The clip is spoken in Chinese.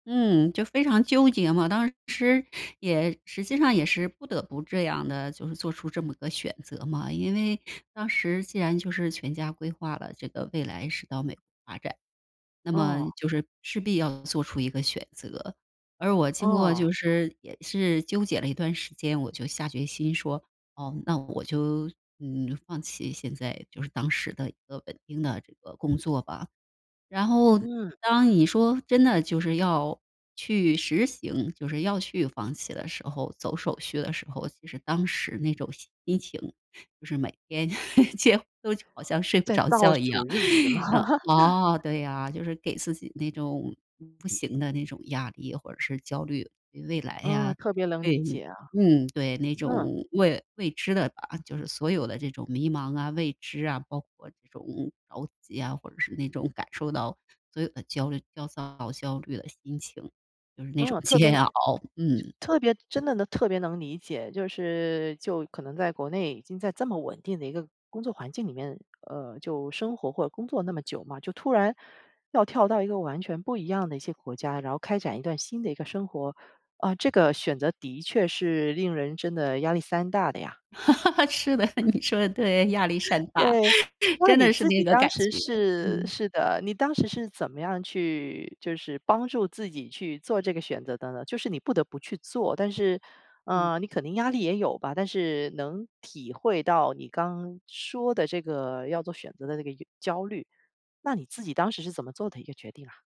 嗯，就非常纠结嘛，当时也实际上也是不得不这样的，就是做出这么个选择嘛。因为当时既然就是全家规划了，这个未来是到美国发展。那么哦。就是势必要做出一个选择。而我经过哦。就是也是纠结了一段时间，我就下决心说：”哦，那我就，嗯，放弃，现在就是当时的一个稳定的这个工作吧。“然后，嗯。当你说真的就是要去实行就是要去放弃的时候，走手续的时候，其实当时那种心情就是每天 几乎就好像睡不在着倒觉一数样，日子吗？嗯。哦，对呀，就是给自己那种不行的那种压力，或者是焦虑未来嗯，呀特别能对，理解啊。嗯，对那嗯。种未未知的啊就是所有的这种迷茫啊、未知啊，包括这种着急啊，或者是那种感受到所有的焦虑、焦躁、焦虑的心情，就是那种嗯，特别煎熬，就嗯。特别真的能特别能理解。就是就可能在国内已经在这么稳定的一个工作环境里面呃，就生活或工作那么久嘛，就突然要跳到一个完全不一样的一些国家，然后开展一段新的一个生活，啊，这个选择的确是令人真的压力山大的呀。是的，你说得对，压力 山大，对，那真你的是自己那个当感时觉，是嗯。是的，你当时是怎么样去就是帮助自己去做这个选择的呢？就是你不得不去做，但是嗯。呃，你可能压力也有吧，但是能体会到你刚说的这个要做选择的这个由焦虑，那你自己当时是怎么做的一个决定啊？